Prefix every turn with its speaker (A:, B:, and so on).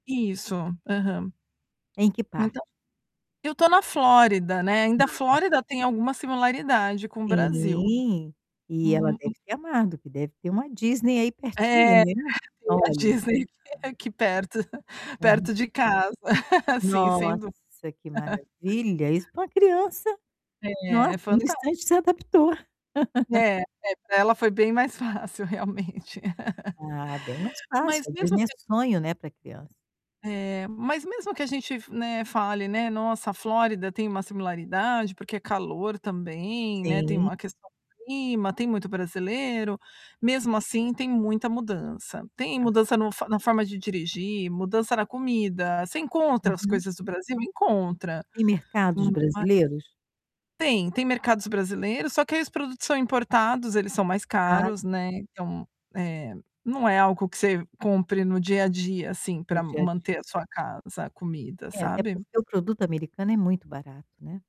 A: Isso, aham.
B: Em que parte?
A: Então eu tô na Flórida, né, ainda a
B: [unintelligible]
A: Flórida tem alguma similaridade com o Brasil.
B: Sim! E ela
A: Hum,
B: deve
A: hu
B: ter amado, que deve ter uma Disney aí pertinho,
A: É,
B: né.
A: aqui é a
B: Olha.
A: Disney que é aqui perto.
B: Aham.
A: Perto de casa. Sim, sem dú
B: Nossa, que maravilha! Isso para uma criança
A: É, é
B: nossa, no
A: fantá
B: instante se adaptou.
A: É, pra ela foi bem mais fácil, realmente.
B: Ah, bem mais
A: Mas
B: fácil. A
A: mesmo
B: Disney é
A: que
B: sonho, né, pra criança.
A: É. Mas mesmo que a gente f né, fale, né: "Nossa, a Flórida tem uma similaridade, porque é calor também, né. Tem
B: Sim.
A: uma questão do clima, tem muito brasileiro", mesmo assim tem muita mudança. Tem mudança
B: [unintelligible]
A: no fo na forma de dirigir, mudança na comida. Você encontra as
B: Uhum.
A: coisas do Brasil? Encontra.
B: Tem mercados
A: Hum, ma
B: brasileiros?
A: Tem, tem mercados brasileiros, só que aí, os produtos são importados, eles são mais
B: Ah,
A: caros,
B: sim.
A: né. Então, eh, não é algo que você compre no dia a dia, assim,
B: No
A: pra
B: dia a dia.
A: manter a sua casa, comida,
B: É, até
A: sabe.
B: porque o produto americano é muito barato, né.